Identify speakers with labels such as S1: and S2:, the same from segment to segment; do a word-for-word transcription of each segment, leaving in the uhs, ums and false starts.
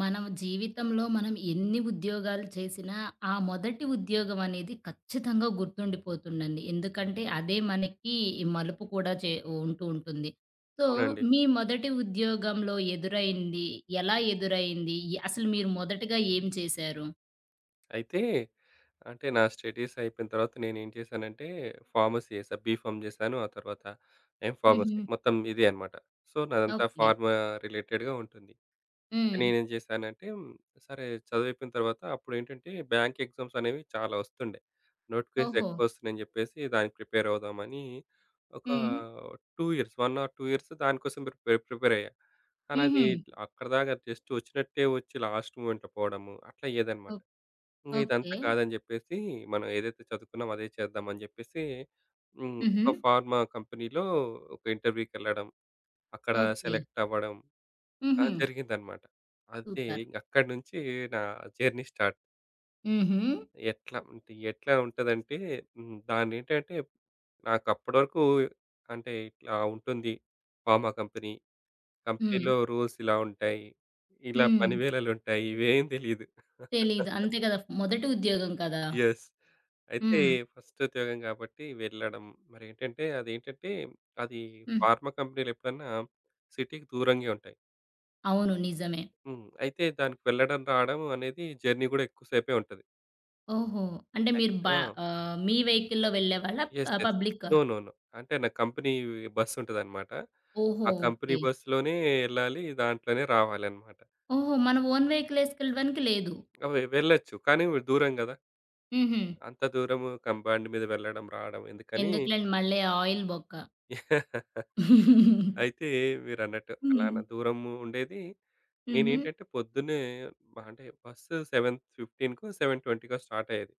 S1: మనం జీవితంలో మనం ఎన్ని ఉద్యోగాలు చేసినా, ఆ మొదటి ఉద్యోగం అనేది ఖచ్చితంగా గుర్తుండిపోతుందండి. ఎందుకంటే, అదే మనకి ఈ మలుపు కూడా చె ఉంటూ ఉంటుంది. సో,
S2: అవునండి.
S1: మీ మొదటి ఉద్యోగంలో ఎదురైంది? ఎలా ఎదురైంది? ఇ అసలు మీరు మొదటిగా ఏం చేశారు?
S2: అయితే, అంటే నా స్టడీస్ అయిపోయిన తర్వాత నేను ఏం చేశానంటే, ఫార్మసీ జేశా. బీఫార్మ్ జేశాను. ఆ తర్వాత ఎమ్ ఫార్మసీ
S1: హుహు.
S2: మొత్తం ఇదే అనమాట. So, నాదంతా
S1: okay.
S2: ఫార్మా రిలేటెడ్‌గా ఉంటుంది. అంటే
S1: హ్మ్.
S2: నేనేం జేశానంటే, హ్మ్. సరే చదువు అయ్యిపోయిన తర్వాత, అప్పుడేంటంటే, బ్యాంక్ ఎగ్జామ్స్ అనేవి చాలా ఒస్తుండే. నోటిఫికేషన్స్
S1: ఓహో!
S2: ఎక్కువ ఒస్తున్నాయని జెప్పేసి, దానికి ప్రిపేర్ అవుదామని, ఒక
S1: హ్మ్.
S2: Two years, one or two years దానికోసం పె ప్రిపేర్ ప్రిపేర్ అయ్యా కానీ, అది
S1: హుహు.
S2: అక్కడి దాకా జస్ట్ ఒచ్చినట్టే ఒచ్చి, లాస్ట్ మొమెంట్‌లో పోవడము అట్లా అయ్యేదన్నమాట.
S1: ఓక్
S2: ఇంగ
S1: ఓకే.
S2: ఇదంతా కాదని జెప్పేసి, మనం ఏదైతే చదువుకున్నామో అదే చేద్దాం అని జెప్పేసి హ్మ్. ఒక
S1: హుహు.
S2: ఫార్మా కంపెనీ‌లో ఒక ఇంటర్‌వ్యూకెళ్ళడం, అక్కడ
S1: ఓకే.
S2: సెలెక్ట్ అవ్వడం, అలా
S1: హుహు.
S2: జరిగిందన్నమాట. అది
S1: సూపర్.
S2: అక్కడినుంచి నా జర్నీ స్టార్ట్.
S1: హుహు.
S2: ఎట్లా అంటే? ఎట్లా ఉంటదంటే? హ్మ్. దాన్నేంటంటే? నాకు అప్పటి వరకు అంటే ఇట్లా ఉంటుంది ఫార్మా కంపెనీ.
S1: హ్మ్.
S2: కంపెనీ‌లో రూల్స్ ఇలా ఉంటాయి. ఇలా
S1: హ్మ్.
S2: పనివేళలు ఉంటాయి ఇవేం తెలీదు.
S1: తెలీదు. అంతే గదా! మొదటి ఉద్యోగం కదా!
S2: యెస్! అయితే
S1: హ్మ్.
S2: ఫస్ట్ ఉద్యోగం గాబట్టి వెళ్ళడం మరేంటంటే అదేంటంటే అది
S1: హ్మ్.
S2: ఫార్మా కంపెనీలు ఎప్పుడన్నా సిటీకి దూరంగే ఉంటాయి.
S1: అవును. నిజమే.
S2: హ్మ్. అయితే దానికి వెళ్ళడం, రావడం అనేది జర్నీ కూడా ఎక్కువ సేపే ఉంటది.
S1: ఓహో! అంటే మీరు
S2: అయితే
S1: బ
S2: ఆ!
S1: ఆహ్, మీ వెహికల్‌లో వెళ్ళేవాళ్ళా
S2: యెస్!
S1: ఆహ్,
S2: యెస్!
S1: పబ్లిక?
S2: నో. నో. నో. అంటే నాకు కంపెనీ బస్ ఉంటదన్నమాట.
S1: ఓహో!
S2: ఆ కంపెనీ
S1: ఓకే.
S2: బస్‌లోనే యెళ్ళాలి. దాంట్లోనే రావాలన్నమాట.
S1: ఓహో! మన ఓన్ వెహికల్ ఏసుకెళ్ళడానికి లేదు.
S2: ఆ! వె వెళ్ళొచ్చు కానీ దూరం గదా!
S1: హుహు.
S2: అంత దూరము కంబైండ్ మీద వెళ్ళడం రావడం ఎందుకని
S1: ఎందుకులెండి మళ్ళీ ఆయిల్ బొక్క.
S2: అయితే మీరన్నట్టు అలాన
S1: హ్మ్.
S2: దూరము ఉండేది.
S1: హుహు.
S2: నేనేంటంటే పొద్దున్నే బ అంటే బస్సు సెవెన్ ఫిఫ్టీన్‌కో సెవెన్ ట్వెంటీ‌కో స్టార్ట్ అయ్యేది.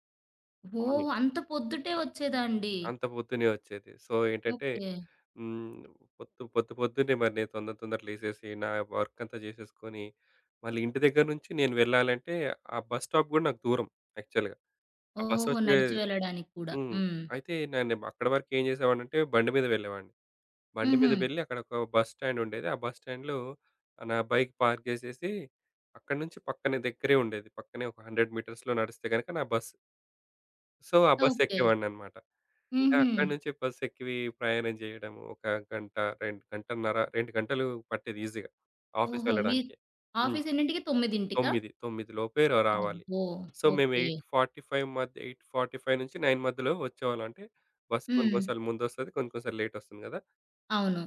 S1: ఓహో!
S2: అవును.
S1: అంత పొద్దుటే ఒచ్చేదాండి?
S2: అంత పొద్దున్నే ఒచ్చేది. సో, ఏంటంటే?
S1: ఓకే.
S2: హ్మ్. పొద్దు పొద్దు పొద్దున్నే మరి నేను తొందర తొందర లేసేసి నా వర్క్ అంతా జేసేసుకొని. మళ్ళీ ఇంటి దగ్గర నుంచి నేను వెళ్ళాలంటే ఆ బస్ స్టాప్ కూడా నాకు దూరం. యాక్చువల్‌గా. బస్
S1: ఓహోహో!
S2: వచ్చే
S1: నడిచి వెళ్ళడానికి గూడా.
S2: హ్మ్.
S1: హ్మ్.
S2: అయితే నేనేమో అక్కడ వరకు ఏం జేసేవాడినంటే? బండి మీద వెళ్ళేవాడిని. బండి మీద
S1: హుహు.
S2: వెళ్లి అక్కడ ఒక బస్ స్టాండ్ ఉండేది. ఆ బస్ స్టాండ్‌లో నా బైక్ పార్క్ జేసేసి, అక్కడి నుంచి పక్కనే దగ్గరే ఉండేది. పక్కనే ఒక హండ్రెడ్ మీటర్స్‌లో నడిస్తే కనుక నా బస్ సో, ఆ బస్సు
S1: ఓకే.
S2: ఎక్కేవాడిననమాట. ఇంకా
S1: హుహు.
S2: అక్కడి నుంచి బస్సు ఎక్కి వీ ప్రయాణం జేయడము, ఒక గంట రెం గంటన్నర రెండు గంటలు పట్టేది ఈజీ‌గా ఆఫీస్
S1: ఓహో! మీద్
S2: వెళ్లడానికే. హ్మ్.
S1: ఆఫీస్ ఎన్నింటికి? తొమ్మిదింటికా?
S2: తొమ్మిది తొమ్మిది లోపే రా రావాలి.
S1: అబ్బో!
S2: సో, మేము
S1: ఓకే.
S2: ఎయిట్ ఫార్టీ ఫైవ్ మధ్య ఎయిట్ ఫార్టీ ఫైవ్ నుంచి నైన్ మధ్యలో వచ్చేవాళ్ళం. అంటే బస్సు కొన్ని
S1: హ్మ్.
S2: కొన్నిసార్లు ముందొస్తది, కొన్ని కొన్నిసార్లు లేటొస్తుంది గదా!
S1: అవును.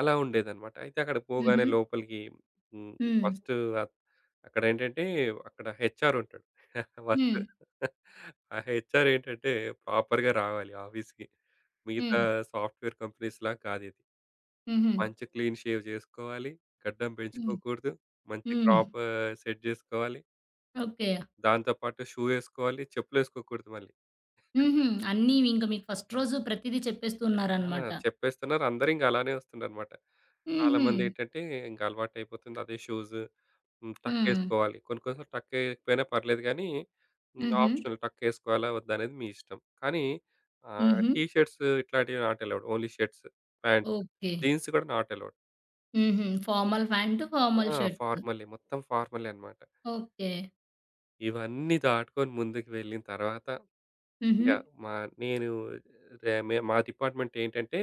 S2: అలా ఉండేదనమాట. అయితే అక్కడికి పోగానే
S1: హుహు.
S2: లోపలికి హ్మ్.
S1: హ్మ్.
S2: ఫస్టు అ అక్కడేంటంటే, అక్కడ హెచ్‌ఆర్ ఉంటాడు. వర్కు
S1: హ్మ్.
S2: ఆ హెచ్‌ఆర్ ఏంటంటే, ప్రాపర్‌గా రావాలి ఆఫీస్‌కి. మిగతా
S1: హ్మ్.
S2: సాఫ్ట్‌వేర్ కంపెనీస్‌లా కాదిది.
S1: హుహు.
S2: మంచి క్లీన్ షేవ్ జేసుకోవాలి, గడ్డం
S1: హ్మ్.
S2: పెంచుకోకూడదు, మంచి
S1: హ్మ్.
S2: క్రాఫ్ సెట్ జేసుకోవాలి...
S1: ఓకే.
S2: దాంతోపాటు షూ ఏసుకోవాలి, చెప్పులేసుకోకూడదు మళ్ళీ.
S1: హుహు. అన్నీ ఇంకా మీకు ఫస్ట్ రోజు ప్రతిది
S2: ఆ!
S1: చెప్పేస్తున్నారనమాట.
S2: చెప్పేస్తున్నారు. అందరూ ఇంగ అలానే వస్తున్నారు మాట.
S1: హుహు.
S2: చాలామంది ఏటంటే, ఇంక అలవాటయిపోతుంది అదే షూజ్, హ్మ్.
S1: హ్మ్.
S2: టక్కేసుకోవాలి. కొన్ని కొన్నిసార్లు టక్ ఏయకపోయినా పర్లేదు గానీ, హ్మ్.
S1: హుహు.
S2: ఆప్షనల్ టక్కేసుకోవాలా, వద్దా, అనేది మీ ఇష్టం. కానీ ఆహ్,
S1: హుహు.
S2: టీ షర్ట్స్ ఇట్లాంటియి not allowed. Only shirts, pant.
S1: Okay.
S2: Jeans గూడా నాట్ అలౌడ్.
S1: హుహు.
S2: ఇ
S1: ఫార్మల్ పాంటు, ఫార్మల్
S2: ఆ!
S1: షర్టు.
S2: ఫార్మలే మొత్తం ఫార్మలే అన్నమాట.
S1: ఓకే.
S2: ఇవన్నీ దాటుకొని ముందుకు వెళ్ళిన తరువాత ఇంగ
S1: హుహు.
S2: మా నేను దే మే మా డిపార్ట్మెంట్ ఏంటంటే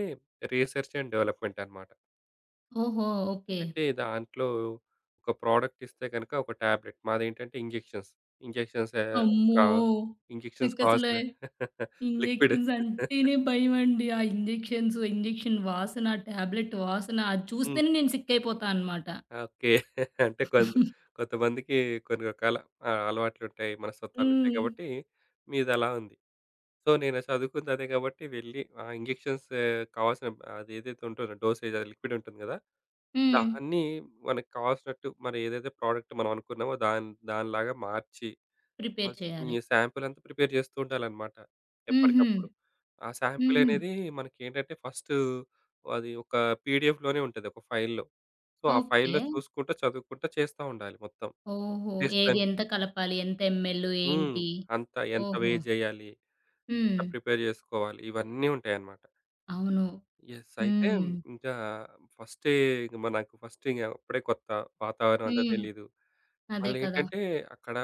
S2: రిసర్చ్ అండ్ డెవలప్మెంట్ అన్నమాట.
S1: ఓహో! ఓకే.
S2: అయితే దాంట్లో ఒక ప్రొడక్ట్ ఇస్తే గనక, ఒక టాబ్లెట్, మాదేంటంటే ఇంజెక్షన్స్. ఇంజెక్షన్స్ ఆహ్, క
S1: అమ్మో!
S2: ఇంజెక్షన్స్
S1: నాకసల
S2: కావాల్సిన లిక్విడ్,
S1: ఇంజెక్షన్స్ అంటేనే భయమండి. ఆ ఇంజెక్షన్సు ఇంజెక్షన్ వాసన, టాబ్లెట్ వాసన అది
S2: హ్మ్.
S1: చూస్తేనే నేను సిక్ అయిపోతానన్నమాట.
S2: ఓకే. అంటే కొన్ కొంతమందికి కొన్ని రకాల ఆహ్, అలవాట్లుంటాయి, మనస్తత్వాలు ఉంటాయి
S1: హ్మ్.
S2: గాబట్టి మీదలా ఉంది. సో నేను సదువుకుంది అదే గాబట్టి, వెళ్ళి ఆహ్, ఇంజెక్షన్స్ కావాల్సిన అదైతే ఉంటుందో డోసేజ్ అది లిక్విడ్ ఉంటుంది గదా!
S1: హ్మ్.
S2: దాన్ని మనకు కావాల్సినట్టు, మనం ఏదైతే ప్రోడక్ట్ మనం అనుకున్నామో దాని దానిలాగా మార్చి,
S1: ప్రిపేర్
S2: ఫస్ట్
S1: చేయాలి.
S2: ఈ సాంపిల్ అంతా ప్రిపేర్ జేస్తుండాలన్నమాట,
S1: హుహు.
S2: ఎప్పటికప్పుడు. ఆ సాంపిల్
S1: హుహు.
S2: అనేది మనకేంటంటే, ఫస్టు అది ఒక పిడిఎఫ్‌లోనే ఉంటది. ఒక ఫైల్‌లో. సో, ఆ ఫైల్‌లో
S1: ఓకే.
S2: చూసుకుంటా చదువుకుంటా చేస్తా ఉండాలి మొత్తం.
S1: ఓహో!
S2: టెస్టులు
S1: ఏది
S2: అన్ని
S1: ఎంత కలపాలి? ఎంత ఎంఎలు
S2: హ్మ్.
S1: ఏంటి?
S2: అంత ఎంత
S1: ఓహో!
S2: వేజ్ ఎయ్యాలి? ఎట్లా
S1: హ్మ్.
S2: ప్రిపేర్ జేసుకోవాలి. ఇవన్నీ ఉంటాయన్నమాట.
S1: అవును.
S2: యెస్. అయితే
S1: హ్మ్.
S2: ఇగ ఫస్టే ఇంగ మనకు ఫస్ట్ ఇగ అప్పుడే కొత్త. వాతావరణమంత
S1: హ్మ్.
S2: తెలీదు.
S1: అదే కదా!
S2: మళ్ళేంటంటే అక్కడ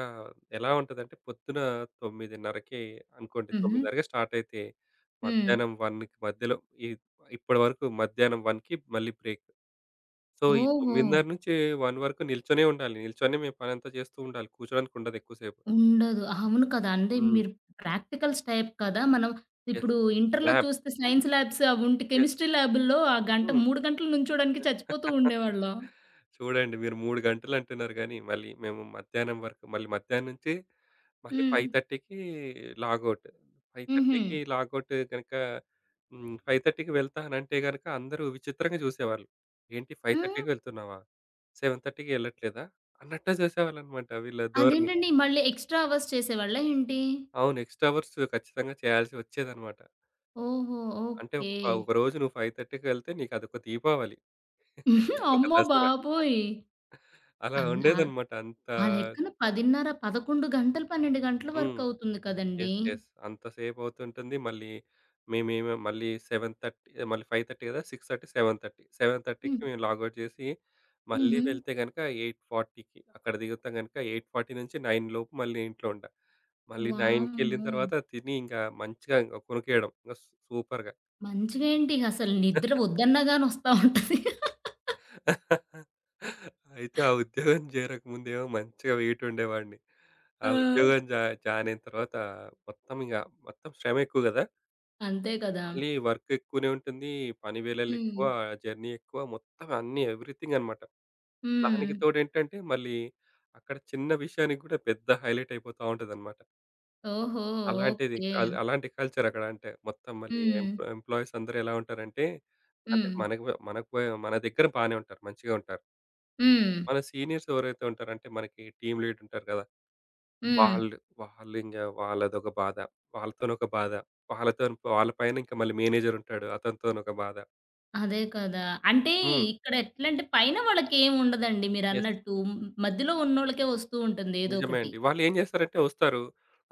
S2: ఎలా ఉంటదంటే, పొద్దున తొమ్మిదిన్నరకి అనుకోండి,
S1: హుహు.
S2: తొమ్మిదిన్నరకి స్టార్ట్ అయితే
S1: హ్మ్.
S2: మధ్యాహ్నం వన్‌కి మధ్యలో, ఇ ఇప్పటి వరకు మధ్యాహ్నం వన్‌కి మళ్ళీ బ్రేక్. సో, ఈ తొమ్మిదిన్నర
S1: ఓహో!
S2: నుంచి వన్‌ వరకు నిల్చొనే ఉండాలి. నిల్చొని మేము పనంతా జేస్తుండాలి. కూర్చోడానికి ఉండదు ఎక్కువ సేపు.
S1: ఉండదు. అవును. కదా! అంటే
S2: హ్మ్.
S1: మీరు ప్రాక్టికల్స్ టైప్ కదా! మనం
S2: యెస్.
S1: ఇప్పుడు ఇంటర్‌లో
S2: ల్యాబ్
S1: చూస్తే
S2: హ్మ్.
S1: సైన్స్ లాబ్స్, అవి ఉంట్
S2: యెస్.
S1: కెమిస్ట్రీ ల్యాబూ‌ల్‌లో ఆ గంట
S2: హ్మ్.
S1: మూడు గంటలు నిల్చోడానికి చచ్చిపోతూ ఉండేవాళ్ళం.
S2: చూడండి మీరు మూడు గంటలు అంటున్నారు గాని, మళ్ళీ మేము మధ్యాహ్నం వరకు, మళ్ళీ మధ్యాహ్నం నుంచి మళ్ళీ ఫైవ్
S1: హ్మ్.
S2: థర్టీకి లాగౌట్. ఫైవ్
S1: హుహు.
S2: థర్టీకి లాగౌట్ గనుక హ్మ్. ఫైవ్ థర్టీకి వెళ్తా అనంటే గనక అందరూ విచిత్రంగా జూసేవాళ్ళు. ఏంటి ఫైవ్
S1: హ్మ్?
S2: థర్టీకి ఎళ్తున్నావా? సెవెన్ థర్టీకి ఎళ్ళట్లేదా? అన్నట్టే జేసేవాళ్ళన్నమాట వీళ్ళ ధోరణి.
S1: అదేంటండి మళ్ళీ ఎక్స్‌ట్రా అవర్స్ చేసేవాళ్ళ ఏంటి?
S2: అవును. ఎక్స్‌ట్రా అవర్స్ ఖచ్చితంగా చేయాల్సి వచ్చేదనమాట.
S1: ఓహో!
S2: అంటే
S1: ఓకే.
S2: ఒక ఒకరోజు నువ్వు ఫైవ్ థర్టీకెళ్తే నీకదొక దీపావళి, ఒక
S1: అమ్మో
S2: దసరా.
S1: బాబోయ్!
S2: అలా
S1: అన్న
S2: ఉండేదన్నమాట. అంత
S1: ఆ లెక్కన పదిన్నర పదకొండు గంటలు, పన్నెండు గంటల
S2: హ్మ్.
S1: వరకవుతుంది కదండీ!
S2: యెస్. యెస్. అంత సేపవుతుంటుంది. మళ్ళీ, మేమిమొ మళ్ళీ, సెవెన్ థర్టీ మళ్ళీ, ఫైవ్ థర్టీ గదా! Six thirty seven thirty seven థర్టీకి
S1: హ్మ్.
S2: మేము లాగ్‌ఔట్ జేసి, మళ్ళీ
S1: హుహు.
S2: వెళ్తే గనక ఎయిట్ ఫార్టీకి అక్కడ దిగితే గనక, ఎయిట్ ఫార్టీ నుంచి నైన్ లోపు మళ్ళీ ఇంట్లో ఉంటా. మళ్ళీ నైన్‌కెళ్ళిన
S1: వామ్మో!
S2: తర్వాత తిని, ఇంకా మంచిగా ఓ కునుకేయడం యెస్ సూపర్‌గా!
S1: మంచిగేంటి? అసలు నిద్ర ఒద్దన్నా గాని ఒస్తా ఉంటది.
S2: అయితే ఆ ఉద్యోగం జేరకముందే ఏమో, మంచిగా వెయిట్ ఉండేవాడిని. ఆ
S1: ఆ!
S2: ఉద్యోగం జా జాయినయిన తర్వాత మొత్తమిగ మొత్తం శ్రమెక్కువ గదా!
S1: అంతే కదా!
S2: మళ్ళీ వర్క్ ఎక్కువనే ఉంటుంది, పని వేళలు ఎక్కువ,
S1: హ్మ్.
S2: జర్నీ ఎక్కువ, మొత్తం అన్నీ ఎవ్రీథింగన్నమాట. దానికి
S1: హ్మ్.
S2: తోడేంటంటే మళ్ళీ అక్కడ చిన్న విషయానికి కూడా పెద్ద హైలైట్ అయిపోతా ఉంటదన్నమాట.
S1: ఓహో!
S2: అలాంటిది
S1: ఓకే.
S2: అల్ అలాంటి కల్చర్ అక్కడ అంటే మొత్తం మళ్ళీ
S1: హ్మ్.
S2: ఎంప్ ఎంప్లాయీస్ అందరూ ఎలా ఉంటారంటే అంటే
S1: హ్మ్.
S2: మనకు వ మనకు వ మన దగ్గర బానే ఉంటారు. మంచిగా ఉంటారు.
S1: హ్మ్.
S2: మన సీనియర్స్ ఎవరైతే ఉంటారో అంటే, మనకి టీమ్ లీడర్ ఉంటారు గదా!
S1: హ్మ్.
S2: వాళ్ళు, వాళ్ళింగ వాళ్ళదొక బాధ, వాళ్ళతోనొక బాధ. వాళ్ళతోని వాళ్ళ పైన ఇంకా మళ్ళీ మేనేజర్ ఉంటాడు. అతనితోని ఒక బాధ.
S1: అదే కదా! అంటే
S2: హ్మ్.
S1: ఇక్కడ ఎట్లంటే, పైన వాళ్ళకి ఏం ఉండదండి
S2: యెస్.
S1: మీరన్నట్టు మ మధ్యలో ఉన్నోళ్ళకే ఒస్తూంటుంది. ఏదో
S2: నిజమే
S1: ఒకటి.
S2: అండి. వాళ్ళు ఏం జేస్తారంటే ఒస్తారు.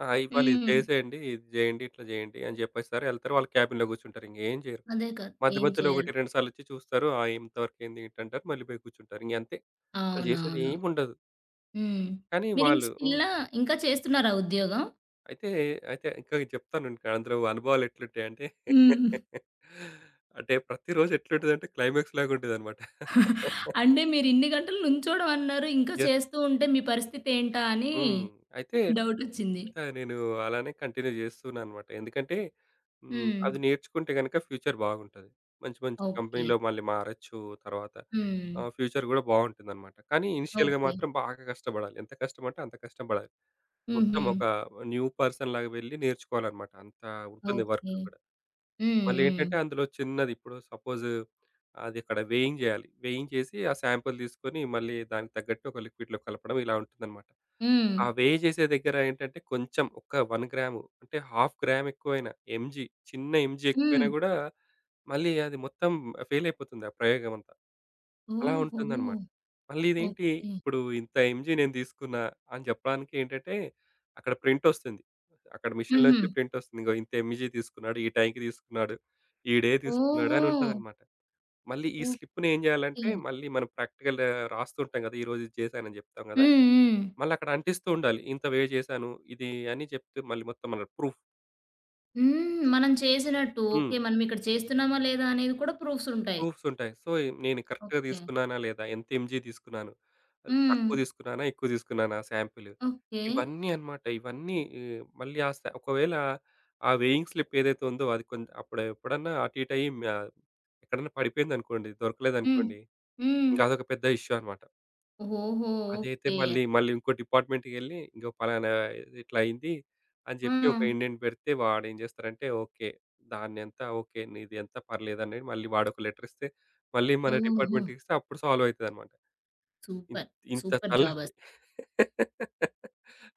S2: ఆహ్, "ఇవాళ ఇది
S1: హ్మ్.
S2: జేసేయండి, ఇది జేయండి, ఇట్లా జేయండి" అని జెప్పేస్తారు ఎళ్తరు వాళ్ళ క్యాబిన్ గూర్చుంటారు. ఇంగేం జెయ్యరు.
S1: అదే కదా!
S2: మధ్య
S1: ఏం
S2: మధ్యలో ఒకటి,
S1: చేయాలో?
S2: రెండు సార్లు ఒచ్చి చూస్తారు. "ఆ ఎంత వర్క్ అయింది? ఏంటి?" అంటారు మళ్ళీ పోయి గూర్చుంటారు. ఇంగంతే. వాళ్ళు జేసేది
S1: అవునవును.
S2: ఏం ఉండదు.
S1: హ్మ్.
S2: కానీ
S1: మీరు ఇంకా
S2: వాళ్ళు
S1: స్టిల్
S2: హ్మ్.
S1: నా ఇంకా చేస్తున్నారా ఆ ఉద్యోగం?
S2: అయితే, అయితే ఇంక నేను చెప్తాను ఉండు. అందులో అనుభవాలు ఎట్లా ఉంటాయంటే,
S1: హ్మ్.
S2: అంటే ప్రతి రోజు ఎట్లుంటదంటే, క్లైమాక్స్‌లాగా ఉంటది అన్నమాట.
S1: అంటే మీరు ఇన్ని గంటలు నిల్చోవడం అన్నారు ఇంకా
S2: యెస్.
S1: చేస్తూంటే మీ పరిస్థితి ఏంటాని
S2: హ్మ్. అయితే,
S1: డౌటొచ్చింది.
S2: ఇంగ నేను అలానే కంటిన్యూ జేస్తున్నానన్నమాట. ఎందుకంటే హ్మ్. అది
S1: హ్మ్.
S2: నేర్చుకుంటే గనక ఫ్యూచర్ బావుంటాది. మంచి మంచి
S1: ఓకే.
S2: కంపెనీ‌లో మళ్ళీ మారొచ్చు తర్వాత.
S1: హ్మ్.
S2: ఆహ్, ఫ్యూచర్ గూడా బావుంటుందన్నమాట. కానీ, ఇనీషియల్‌గా
S1: ఓకే.
S2: మాత్రం బాగా గష్టబడాలి, ఎంత కష్టమంటే, అంత కష్టంబడాలి. మొత్తం ఒక
S1: హుహు.
S2: న్యూ పర్సన్‌లాగా వెళ్లి నేర్చుకోవాలన్నమాట. అంత ఉంటుంది వర్క్
S1: ఓకే.
S2: అక్కడ.
S1: హ్మ్.
S2: మళ్ళీ ఏంటంటే,
S1: హ్మ్.
S2: అందులో చిన్నది ఇప్పుడు సపోజ్, అది అక్కడ వేయింగ్ జేయాలి, వేయింగ్ జేసి, ఆ సాంపిల్ దీసుకొని మళ్ళీ దానికి తగ్గట్టు ఒక లిక్విడ్‌లో కలపడం, ఇలా ఉంటుందన్నమాట. ఆ
S1: హ్మ్.
S2: వే జేసే దగ్గర ఏంటంటే, కొంచెం ఒక వన్ గ్రామ్ అంటే హాఫ్ గ్రామ్ ఎక్కువైనా, ఎంజీ, చిన్న ఎంజీ ఎక్కువైనా
S1: హ్మ్.
S2: గూడా, మళ్ళీ అది మొత్తం ఫెయిల్ అయిపోతుంది ఆ ప్రయోగం అంతా. అలా
S1: ఓహో!
S2: ఉంటుందన్నమాట. మళ్ళీ ఇదేంటి?
S1: ఓకే.
S2: ఇప్పుడు ఇంత ఎంజీ నేను దీసుకున్న, అని జెప్పడానికి ఏంటంటే, అక్కడ ప్రింట్ ఒస్తుంది. అక్కడ మీషన్‌లోనుంచి
S1: హుహు.
S2: ప్రింట్ ఒస్తుంది. ఇగొ ఇంత ఎంజీ తీసుకున్నాడు. ఈ టైంకి దీసుకున్నాడు. ఈ డే తీసుకున్నాడు అని
S1: ఓహో!
S2: ఉంటాదన్నమాట. మళ్ళీ ఈ స్లిప్‌ని ఏం
S1: ఓకే.
S2: జేయాలంటే, మళ్ళీ మనం ప్రాక్టికల్ రాస్తూ ఉంటాం గదా ఈరోజు ఇది చేశాను అని చెప్తాం గదా!
S1: హ్మ్. హ్మ్.
S2: మళ్ళీ అక్కడ అంటిస్తు ఉండాలి. "ఇంత వే జేశాను ఇది" అని జెప్తే మళ్ళీ మొత్తం మన ప్రూఫ్.
S1: హ్మ్. మనం చేసినట్టు.
S2: హ్మ్.
S1: ఓకే. మనం ఇక్కడ చేస్తున్నామా లేదా, అనేది కూడా ప్రూఫ్స్ ఉంటాయి.
S2: ప్రూఫ్స్ ఉంటాయి. సో, నేను కరెక్ట్‌గా
S1: ఓకే.
S2: దీసుకున్నానా లేదా, ఎంత ఎంజీ తీసుకున్నాను, అసలు తక్కువ
S1: హ్మ్.
S2: దీసుకున్నానా, ఎక్కువ దీసుకున్నానా సాంపిలు.
S1: ఓకే.
S2: ఇవన్నీ అన్నమాట. ఇవన్నీ ఇ మళ్ళీ ఆ స ఒకవేళ ఆ వేయింగ్ స్లిప్ ఏదైతే ఉందో అది కొంత్ అప్పుడు ఎప్పుడన్నా అటు ఇటు అయ్యి మ్యా ఎక్కడన్న పడిపోయిందనుకోండి
S1: హ్మ్.
S2: దొరకలేదనుకోండి
S1: హ్మ్.
S2: ఇంగదొక పెద్ద ఇష్యూ అన్నమాట.
S1: ఓహోహో!
S2: అదైతే
S1: ఓకే.
S2: మళ్ళీ మళ్ళీ ఇంకో డిపార్ట్మెంట్‌కె‌ళ్లి, ఇగో ఫలానా ఇదిట్లయింది అని జెప్పి ఒక
S1: హ్మ్.
S2: ఇండెంట్ పెడితే, వాడేం జేస్తారంటే, ఓకే. దాన్నంతా ఓకే. నీదంత పర్లేదు అని మళ్ళీ వాడొక లెటర్ ఇస్తే, మళ్ళీ మన
S1: ఓహో!
S2: డిపార్ట్మెంట్‌కి ఇస్తే అప్పుడు సాల్వ్ అయితదన్నమాట. ఇంత్
S1: సూపర్.
S2: ఇంత
S1: సూపర్. జాబ్
S2: తలనొప్పి.
S1: అస్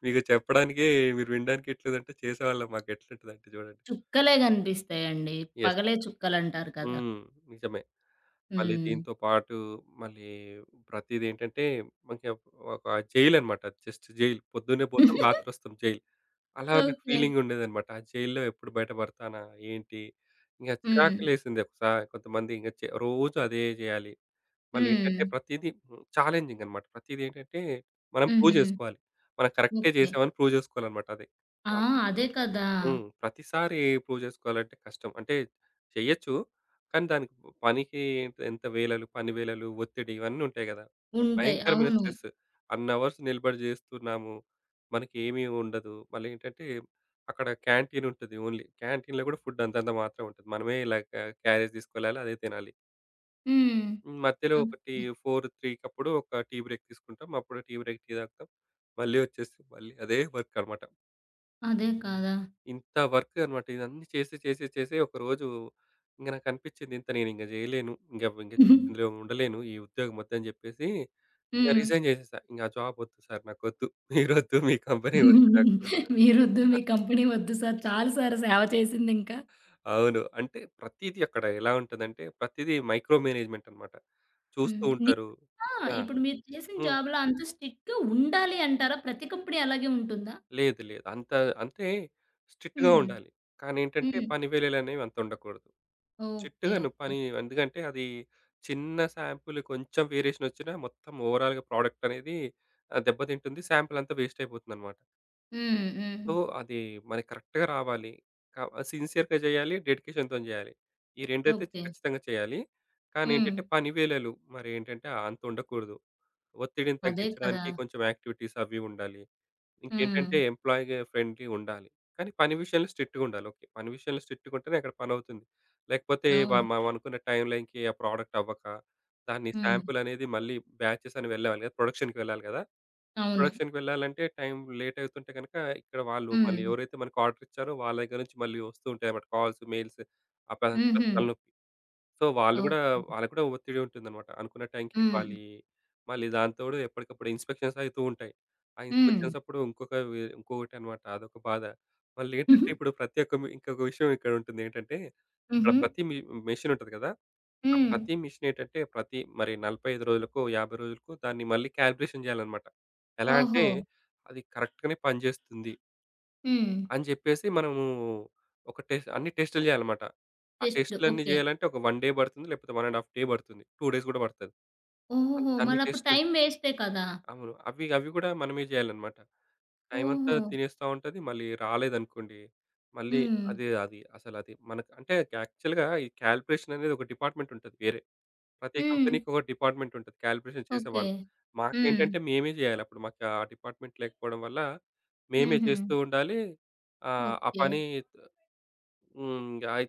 S2: మీకు చెప్పడానికే మీరు వినడానికే ఇట్లుందంటే, చేసేవాళ్ళం మాకు ఎట్లుంటదంటే జూడండి.
S1: చుక్కలే గనిపిస్తాయండి.
S2: యెస్.
S1: పగలే చుక్కలంటారు కదా!
S2: హ్మ్. నిజమే. మళ్ళీ
S1: హ్మ్.
S2: దీంతో పాటు, మళ్ళీ ప్రతీదేంటంటే, కొంచెం ఒక్ ఒక జైల్ అనమాట. జస్ట్ జైల్ పొద్దున్నే పోతాం, రాత్రోస్తాం జైల్, అలా నాకు
S1: ఓకే.
S2: ఫీలింగ్ ఉండేదన్నమాట. ఆ జైల్‌లో ఎప్పుడు బయట బడతానా? ఏంటి? ఇంగ
S1: హ్మ్.
S2: చిరాకులేసింది. ఒకసారి కొంతమంది ఇంగ రోజు అదే జెయాలి. మళ్ళీ ఏంటంటే,
S1: హ్మ్.
S2: ప్రతీదీ చాలెంజింగ్ అనమాట ప్రతీదేంటంటే, మనం ప్రూవ్
S1: హుహు.
S2: జేసుకోవాలి. మనం కరెక్టే
S1: ఓకే.
S2: జేసాం అని ప్రూవ్ జేసుకోవాలన్నమాట అది
S1: ఆ!
S2: టాస్క్.
S1: అదే కదా!
S2: హ్మ్. ప్రతిసారి ప్రూవ్ జేసుకోవాలంటే కష్టం. అంటే చెయ్యొచ్చు. కానీ దానికి పనికి ఎంత వేళలు, పని వేళలు ఒత్తిడి ఇవన్నీ ఉంటాయి గదా!
S1: ఉంటాయి.
S2: భయంకరమైన
S1: అవును.
S2: స్ట్రెస్ అన్నవర్స్ నిలబడి జేస్తున్నాము, మనకి ఏమీ ఉండదు మళ్ళేంటంటే, అక్కడ క్యాంటీన్ ఉంటది ఓన్లీ. క్యాంటీన్‌లో గూడా ఫుడ్ అంతంత మాత్రమే ఉంటది. మనమే ఇలా క్యా క్యారేజ్ తీసుకెళ్లాలి అదే తినాలి.
S1: హ్మ్.
S2: హ్మ్. మధ్యలో
S1: హ్మ్.
S2: ఒకటి
S1: ఓకే.
S2: ఫోర్ త్రీ‌ కప్పుడు ఒక టీ బ్రేక్ తీసుకుంటాం. అప్పుడు టీ బ్రేక్ టీ తాగుతాం. మళ్ళీ ఒచ్చేసి మళ్ళీ అదే వర్క్ అన్నమాట.
S1: అదేం కదా!
S2: ఇంత వర్క్ అన్నమాట ఇదన్నీ చేసి చేసి చేసి ఒకరోజు ఇంగ నాకు అనిపిచింది ఇంత నేను ఇంగ జేయలేను. ఇంగ ఇంగా ఇందులో ఉండలేను ఈ ఉద్యోగం ఒద్దు అని జెప్పేసి ఇంగా
S1: హ్మ్.
S2: రిజైన్ జేసేసా. ఇంగా జాబ్ ఒద్దు సార్! నాకొద్దు మీరోద్దు మీ కంపెనీ ఒద్దు నాకు.
S1: మీరొద్దు మీ కంపెనీ ఒద్దు సర్ చాలు సర్ సేవ చేసింది ఇంకా.
S2: అవును. అంటే ప్రతీదీ అక్కడ ఎలా ఉంటుందంటే ప్రతీది మైక్రో మేనేజ్మెంట్ అన్నమాట. చూస్తూ
S1: హ్మ్.
S2: ఉంటారు.
S1: నిజంగా
S2: ఆ!
S1: ఇప్పుడు మీరు చేసిన
S2: హ్మ్.
S1: జాబ్‌లో అంత స్ట్రిక్ట్‌గా ఉండాలి అంటారా? ప్రతి కంపెనీ అలాగే ఉంటుందా?
S2: లేదు లేదు. అంత అంతే స్ట్రిక్ట్‌గా
S1: హ్మ్.
S2: ఉండాలి. కానేంటంటే
S1: హ్మ్.
S2: పని వేళలనేవి అంత ఉండకూడదు.
S1: ఓకే.
S2: స్ట్రిక్ట్‌గాను
S1: ఓకే.
S2: పని ఎందుకంటే అది చిన్న సాంపిల్ కొంచెం వేరియేషన్ ఒచ్చినా మొత్తం ఓవరాల్‌గా ప్రొడక్ట్ అనేది ఆహ్, దెబ్బతింటుంది. సాంపిలంతా వేస్ట్ అయిపోతుందన్నమాట.
S1: హ్మ్. హ్మ్.
S2: సో, అది మనకు కరెక్ట్‌గా రావాలి. క సిన్సియర్‌గా జేయ్యాలి, డెడికేషన్‌తోని జేయాలి. ఈ రెండైతే చ్
S1: ఓకే.
S2: ఖచ్చితంగా చేయాలి. కానేంటంటే
S1: హ్మ్.
S2: పని వేళలు మరేంటంటే ఆహ్, అంత ఉండకూడదు. ఒత్తిడిని
S1: అదే కదా!
S2: తగ్గించడానికి కొంచెం యాక్టివిటీస్ అవి ఉండాలి. ఇంకేంటంటే
S1: హ్మ్.
S2: ఎంప్లాయీగ ఫ్రెండ్‌లి ఉండాలి. కానీ పని విషయంలో స్ట్రిక్ట్‌గుండాలి. ఓకే. పని విషయంలో స్ట్రిక్ట్‌గా ఉంటేనే అక్కడ పనవుతుంది. లేకపోతే వ
S1: అవును.
S2: మ-మనమనుకున్న టైమ్ లైన్‌కి ఆ ప్రొడక్ట్ అవ్వక, దాన్ని
S1: హ్మ్.
S2: సాంపిల్ అనేది మళ్ళీ బ్యాచెస్ అని వెళ్ళే ప్రొడక్షన్‌కి వెళ్ళాలి గదా!
S1: అవును.
S2: ప్రొడక్షన్‌కి వెళ్ళాలంటే టైమ్ లేట్ అవుతుంటే గనక ఇక్కడ వాళ్ళు మళ్ళీ
S1: హ్మ్.
S2: ఎవరైతే మనకు ఆర్డర్ ఇచ్చారో వాళ్ళ దగ్గర నుంచి మళ్ళీ ఒస్తూ ఉంటాయి అన్నమాట కాల్స్, మెయిల్స్ అప్పుడు అదంతా
S1: హుహు.
S2: తలనొప్పి. సో, వాళ్ళు గూడా
S1: ఓకే.
S2: వాళ్లకి కూడా ఒత్తిడి ఉంటుందన్నమాట అనుకున్న టైం‌కి ఇవ్వాలి
S1: హ్మ్.
S2: మళ్ళీ దాంతోడు ఎప్పటికప్పుడు ఇన్‌స్పెక్షన్స్ అయితూ ఉంటాయి. ఆ
S1: హ్మ్.
S2: ఇన్‌స్పెక్షన్స్ అప్పుడు ఇంకొక వె ఇంకొకటి అనమాట అదొక బాధ. మళ్ళేంటంటే ఇప్పుడు ప్రత్యేక ఇంకొక విషయం ఇక్కడ ఉంటుంది ఏంటంటే అక్కడ
S1: హుహు.
S2: ప్రతి మి మిషిన్ ఉంటది గదా! ఆ
S1: హ్మ్.
S2: ప్రతి మిషినేంటంటే ప్రతి మరి నలభై ఐదు రోజులకో, యాభై రోజులకో దాన్ని మళ్ళీ కాలిక్యులేషన్ జేయాలన్నమాట. ఎలా అంటే
S1: ఓహో!
S2: అది కరెక్ట్‌గానే పనిజేస్తుంది.
S1: హ్మ్.
S2: అని జెప్పేసి మనము ఒక టెస్ అన్ని టెస్టులు జేయాలన్నమాట. ఆ
S1: టెస్టులు.
S2: టెస్ట్‌లన్నీ
S1: ఓకే.
S2: జేయాలంటే, ఒక వన్ డే బడుతుంది. లేకపోతే వన్ అండ్ హాఫ్ డే బడుతది. టూ డేస్ గూడా బడతది. అంత
S1: ఓహోహో!
S2: అన్ని
S1: మరప్పుడు టైం
S2: టెస్ట్‌లుంటాయి.
S1: వేస్టే కదా!
S2: అవును. అవి అవి గూడా మనమే జేయాలన్నమాట. టైమంతా
S1: ఓహో!
S2: తినేస్తా ఉంటది. మళ్ళీ రాలేదనుకోండి, మళ్ళీ
S1: హ్మ్.
S2: అది అది అసలది మనకు అంటే యాక్చువల్‌గా ఈ కాలిక్యులేషన్ అనేది ఒక డిపార్ట్మెంట్ ఉంటది వేరే. ప్రతి
S1: హ్మ్.
S2: కంపెనీకొక డిపార్ట్మెంట్ ఉంటది కాలిక్యులేషన్
S1: ఓకే.
S2: చేసేవాళ్ళు.
S1: హ్మ్.
S2: మాకేంటంటే, మేమే జేయాలి. అప్పుడు మాకు ఆ డిపార్ట్మెంట్ లేకపోవడం వల్ల మేమే
S1: హుహు.
S2: చేస్తూ ఉండాలి ఆహ్, ఆ
S1: ఓకే.
S2: పని హ్మ్. అయి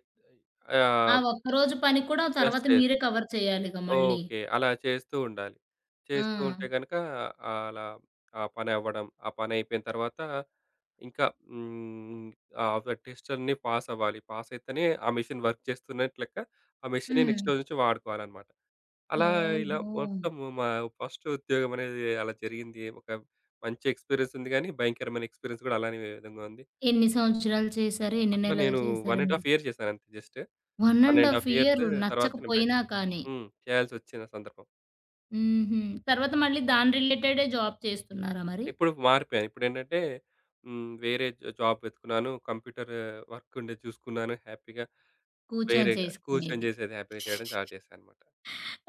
S2: అయి
S1: ఆ
S2: ఆహ్
S1: ఒక్కరోజు పనికి కూడా
S2: యెస్.
S1: తర్వాత
S2: యెస్.
S1: మీరే కవర్ చేయాలిగా మళ్ళీ.
S2: ఓకే. అలా చేస్తూండాలి. చేస్తూంటే
S1: ఆ!
S2: గనక, అలా ఆ పని అవ్వడం, ఆ పనైపోయిన తర్వాత ఇంకా హ్మ్, ఆ! ఫ టెస్ట్‌లన్నీ పాస్ అవ్వాలి. పాస్ అయితేనే ఆ మిషన్ వర్క్ చేస్తున్నట్టు లెక్క. ఆ మిషనే నెక్స్ట్
S1: హ్మ్.
S2: రోజు నుంచి వాడుకోవాలనమాట. అలా ఇలా
S1: ఓహో!
S2: మొత్తము మా ఫస్ట్ ఉద్యోగం అనేది అలా జరిగింది. ఒక మంచి ఎక్స్‌పీరియెన్స్ ఉంది గానీ, భయంకరమైన ఎక్స్‌పీరియెన్స్ గూడా అలానే విధంగా ఉంది.
S1: ఎన్ని సంవత్సరాలు చేశారు? ఎన్ని
S2: అట్లా
S1: నెలలు
S2: నేను వన్ అండ్
S1: చేశారండి?
S2: హాఫ్ ఇయర్ జేశాను అంతే just.
S1: One
S2: one
S1: and
S2: and
S1: half
S2: half years,
S1: year
S2: తర్వాత నేను బయట
S1: నచ్చకపోయినా కానీ!
S2: హ్మ్. చేయాల్సొచ్చింది ఆ సందర్భం.
S1: హుహు. తరువాత మళ్ళి దాని రిలేటెడే జాబ్ చేస్తున్నారా మరి?
S2: ఇప్పుడు మారిపోయా. ఇప్పుడేంటంటే, హ్మ్. వేరే జాబ్ వెతుకున్నాను. కంప్యూటరు వర్క్ ఉండేది చూసుకున్నాను. హ్యాపీగా
S1: కూర్చొని
S2: వేరేగా, కూర్చొని
S1: చేసుకునేది.
S2: జేసేది హ్యాపీగా చేయడం స్టార్ట్ చేశానన్నమాట.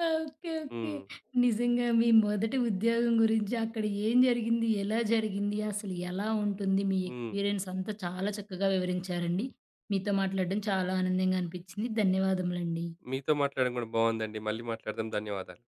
S1: ఓకే. ఓకే.
S2: హ్మ్.
S1: నిజంగా మీ మొదటి ఉద్యోగం గురించి, అక్కడ ఏం జరిగింది, ఎలా జరిగింది, అసలు ఎలా ఉంటుంది, మీ
S2: హ్మ్.
S1: ఎక్స్‌పీరియెన్స్ అంతా చాలా చక్కగా వివరించారండి. మీతో మాట్లాడడం చాలా ఆనందంగా అనిపించింది. ధన్యవాదములండి.
S2: మీతో మాట్లాడడం గూడా బావుందండి. మళ్ళీ మాట్లాడదాం. ధన్యవాదాలు.